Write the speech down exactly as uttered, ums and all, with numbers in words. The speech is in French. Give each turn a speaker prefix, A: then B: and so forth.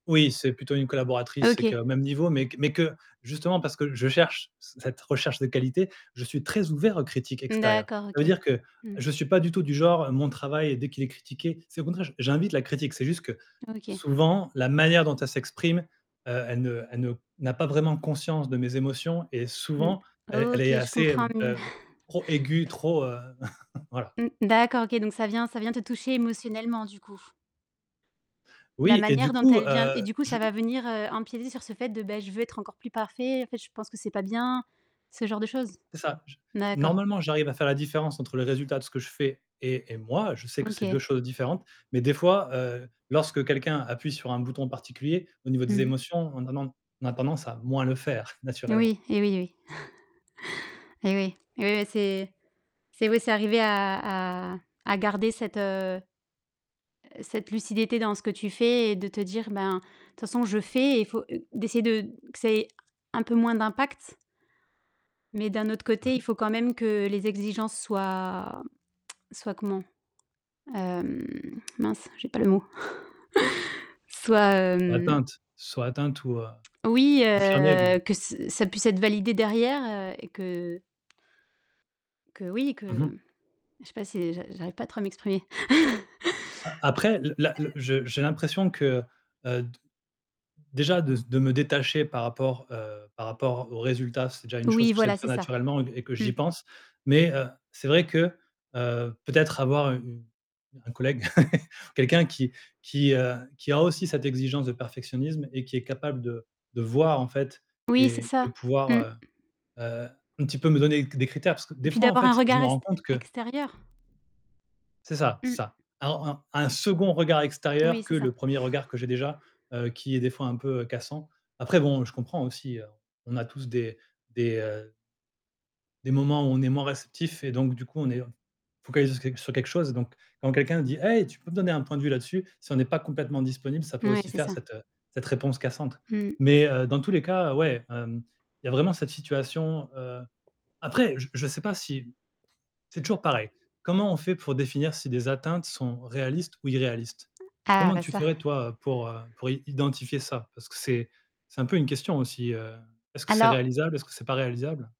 A: Oui, c'est plutôt une collaboratrice, c'est que
B: OK.
A: même niveau, mais q mais que, justement, parce que je cherche c cette recherche de qualité, je suis très ouvert aux critiques extérieures.
B: D'accord,
A: Ça veut
B: OK.
A: dire que
B: Mmh.
A: je suis pas du tout du genre, mon travail dès qu'il est critiqué c'est au contraire, j j'invite la critique. C'est juste que,
B: OK.
A: souvent, la manière dont elle s'exprime, heu, elle ne elle ne n'a pas vraiment conscience de mes émotions et
B: Mmh.
A: souvent elle elle
B: OK,
A: est
B: je
A: assez,
B: comprends mieux.
A: heu, trop aiguë, trop, heu, voilà.
B: Mmh. D'accord, OK, donc ça vient ça vient te toucher émotionnellement, du coup? La
A: Oui et du
B: manière dont
A: coup,
B: elle vient et
A: heu,
B: du coup
A: je
B: ça va venir, heu, empiéter sur ce fait de, beh: «Je veux être encore plus parfait, en fait, je pense que c'est pas bien», ce genre de choses?
A: C'est ça, j
B: D'accord.
A: normalement, j'arrive à faire la différence entre le résultat de ce que je fais et et moi, je sais que c'est deux
B: OK.
A: choses différentes mais des fois, heu, lorsque quelqu'un appuie sur un bouton particulier au niveau
B: Mmh
A: des
B: mh.
A: émotions, on a nen on a tendance à moins le faire, naturellement.
B: Oui, eh oui, eh oui, eh oui, eh oui, bah, c'est c'est oui, c'est arriver à à à garder cette, heu, cette lucidité dans ce que tu fais et de te dire: «Ben, de toute façon, je fais» et il faut d'essayer de que ça ait un peu moins d'impact mais d'un autre
A: Mmh
B: côté, il
A: mh.
B: faut quand même que les exigences soient soient, comment? Hem, mince! J'ai pas le mot, soit, hem,
A: Atteinte? Soit atteinte ou, heu,
B: oui,
A: confirmée, tu veux
B: heu,
A: dire?
B: que ç ça puisse être validé derrière, heu et que que, oui,
A: Mmh mh.
B: que je sais pas si j'a j'arrive pas trop à m'exprimer.
A: A après, l la le
B: Heu
A: je j'ai l'impression que, heu, d déjà, de s de me détacher par rapport, heu, par rapport aux résultats, c'est déjà une chose
B: Oui,
A: que j'essaie
B: voilà,
A: de
B: c'est
A: faire
B: ça.
A: naturellement et q et que
B: Mmh.
A: j'y pense mais heu, c'est vrai que, heu, peut-être avoir u u un collègue, quelqu'un qui qui, heu, qui a aussi cette exigence de perfectionnisme et qui est capable de de voir, en fait
B: Oui, c'est
A: et de
B: ça.
A: pouvoir,
B: Mmh.
A: heu, heu, un petit peu me donner c des critères parce que
B: Et
A: des
B: puis
A: fois, en
B: d'avoir un
A: fait, je
B: regard
A: me
B: est
A: rends compte que
B: extérieur.
A: C'est ça, c'est
B: Mmh.
A: ça, un un un second regard extérieur
B: Oui,
A: que
B: c'est ça.
A: le premier regard que j'ai déjà, heu, qui est, des fois, un peu, heu, cassant. Après bon, je comprends aussi, heu, on a tous des des, heu des moments où on est moins réceptif et donc, du coup, on est f focalisés sur que sur quelque chose, donc quand quelqu'un dit: «Hé! Tu peux me donner un point de vue là-dessus?» si on n'est pas complètement disponible, ça peut
B: Ouais,
A: aussi
B: c'est
A: faire
B: ça.
A: cette, heu, cette réponse cassante
B: Mmh mh.
A: mais, heu, dans tous les cas, ouais, hem, il y a vraiment cette situation, heu, après, je je sais pas si c'est toujours pareil. Comment on fait pour définir si des atteintes sont réalistes ou irréalistes?
B: Ah,
A: Comment
B: bah,
A: tu
B: ça
A: ferais, toi, pour, heu, pour i identifier ça? Parce que c'est c'est un peu une question aussi, heu, est-ce que c'est
B: Alors
A: réalisable, est-ce que c'est pas réalisable?